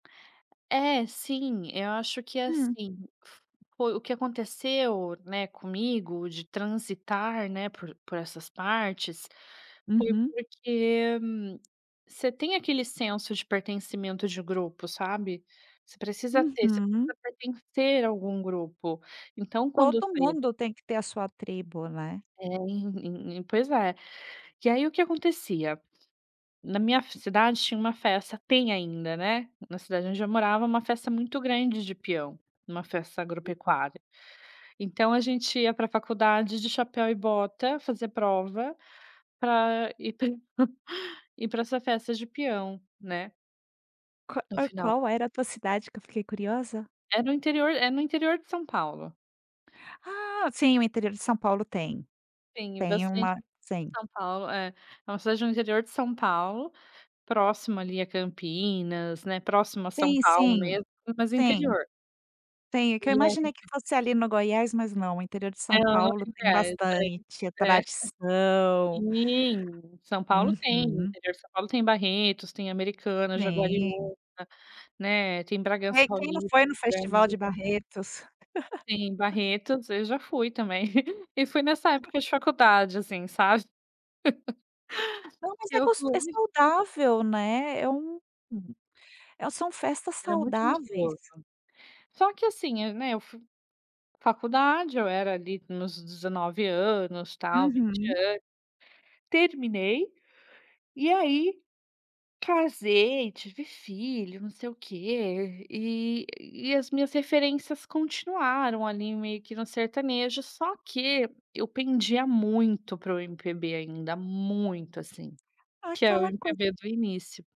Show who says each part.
Speaker 1: É, sim, eu acho que
Speaker 2: Hum.
Speaker 1: assim, foi o que aconteceu, né, comigo, de transitar, né, por por essas partes, foi
Speaker 2: Uhum.
Speaker 1: porque você tem aquele senso de pertencimento de grupo, sabe. Você precisa ter, você
Speaker 2: Uhum.
Speaker 1: precisa pertencer a algum grupo. Então quando
Speaker 2: Todo
Speaker 1: [unintelligible]
Speaker 2: mundo tem que ter a sua tribo, né.
Speaker 1: É, pois é. E aí, o que acontecia, na minha f cidade tinha uma festa tem ainda, né, na cidade onde eu morava, uma festa muito grande de peão, uma festa agropecuária. Então a gente ia pra faculdade de chapéu e bota, fazer prova, pra ir pra ir pra essa festa de peão, né.
Speaker 2: Q
Speaker 1: No
Speaker 2: ah,
Speaker 1: final
Speaker 2: qual era a tua cidade, que eu fiquei curiosa?
Speaker 1: É no interior é no interior de São Paulo.
Speaker 2: Ah, sim, o interior de São Paulo tem.
Speaker 1: Sim,
Speaker 2: Tem
Speaker 1: bastante
Speaker 2: uma sim.
Speaker 1: São Paulo, é. É uma cidade no interior de São Paulo, próximo, ali, a Campinas, né, próximo a São
Speaker 2: Sim,
Speaker 1: Paulo
Speaker 2: sim,
Speaker 1: mesmo, mas
Speaker 2: sim.
Speaker 1: interior.
Speaker 2: Tem, é que eu
Speaker 1: E a
Speaker 2: imaginei que
Speaker 1: gente
Speaker 2: fosse, ali, no Goiás, mas não, o interior de São
Speaker 1: Não,
Speaker 2: Paulo tem
Speaker 1: inveja, hein.
Speaker 2: bastante, é
Speaker 1: É.
Speaker 2: tradição.
Speaker 1: Sim, São Paulo tem,
Speaker 2: Uhum.
Speaker 1: interior de São Paulo tem Barretos, tem Americana,
Speaker 2: Sim.
Speaker 1: Jaguariuna, né, tem Bragança
Speaker 2: Ei, quem não
Speaker 1: Paulista,
Speaker 2: foi no festival
Speaker 1: grande
Speaker 2: de Barretos?
Speaker 1: Sim, Barretos, eu já fui também. E foi nessa época de faculdade, assim, sabe.
Speaker 2: Não, mas
Speaker 1: Que
Speaker 2: é
Speaker 1: eu
Speaker 2: gosto é
Speaker 1: fui.
Speaker 2: saudável, né. É um
Speaker 1: Hum.
Speaker 2: eh, são festas
Speaker 1: Era muito
Speaker 2: saudáveis.
Speaker 1: gostoso. Só que assim, hã, né, eu fui faculdade, eu era, ali, nos 19 anos, tal, 20
Speaker 2: Uhum.
Speaker 1: anos. Terminei, e aí casei, tive filho, não sei o que, e e as minhas referências continuaram, ali, meio que no sertanejo, só que eu pendia muito para o MPB ainda, muito, assim. Que é o
Speaker 2: Aquela coisa
Speaker 1: MPB do início.